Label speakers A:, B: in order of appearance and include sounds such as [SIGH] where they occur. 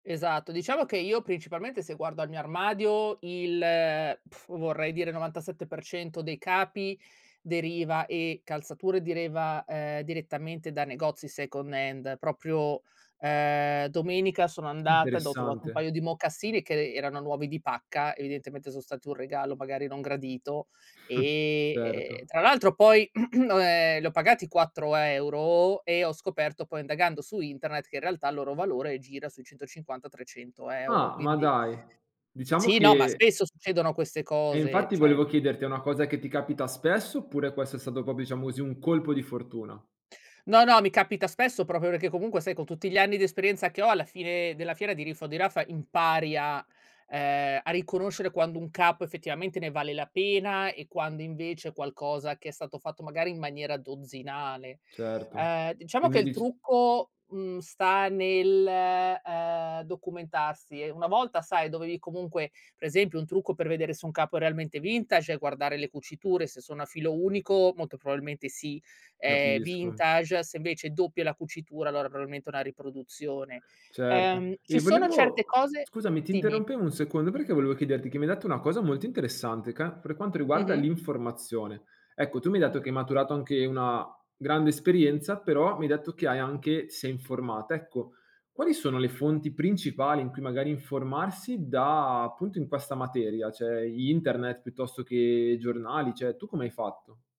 A: Esatto. Diciamo che io principalmente se guardo al mio armadio il, [LIP TRILL] vorrei dire 97% dei capi deriva e calzature deriva, ehm, direttamente da negozi second hand. Proprio, uhm domenica sono andata ed ho trovato un
B: Interessante.
A: paio di mocassini che e erano nuovi di pacca, evidentemente sono stati un regalo magari non gradito
B: [CHUCKLES]
A: e ehm,
B: Certo.
A: tra l'altro poi [CLEARS THROAT] o ehm, li ho pagati 4 € e ho scoperto poi, indagando su internet, che in realtà il loro valore gira sui 150-300 €
B: Ah, ma
A: quindi
B: dai, diciamo
A: Sì, no, ma
B: che
A: spesso succedono queste
B: Eh,
A: cose,
B: infatti
A: cioè
B: volevo chiederti, è una cosa che ti capita spesso oppure questo è stato proprio diciamo così un colpo di fortuna?
A: No, no, mi capita spesso proprio perché comunque sai con tutti gli anni di esperienza che ho, alla fine della fiera, di riffa o di raffa, impari a ehm, a riconoscere quando un capo effettivamente ne vale la pena e quando invece è qualcosa che è stato fatto magari in maniera dozzinale.
B: Certo.
A: Uhm, diciamo che
B: Quindi
A: il
B: dic
A: trucco, mhmm, sta nel, uhm, documentarsi e una volta, sai, dovevi comunque per esempio un trucco per vedere se un capo è realmente vintage è guardare le cuciture, se sono a filo unico, molto probabilmente sì, è
B: Capisco.
A: vintage, se invece doppia è la cucitura allora probabilmente è una riproduzione.
B: Certo.
A: Uhm, ci
B: E
A: sono certe
B: volevo
A: cose
B: scusami, ti
A: dimmi.
B: interrompevo 1 secondo perché volevo chiederti che mi hai detto una cosa molto interessante ca per quanto riguarda
A: Mh-mh.
B: l'informazione. Ecco, tu mi hai detto che hai maturato anche una grande esperienza, però mi hai detto che hai anche ti sei informata. Ecco, quali sono le fonti principali in cui magari informarsi da appunto in questa materia? Cioè, internet piuttosto che i giornali? Cioè, tu come hai fatto?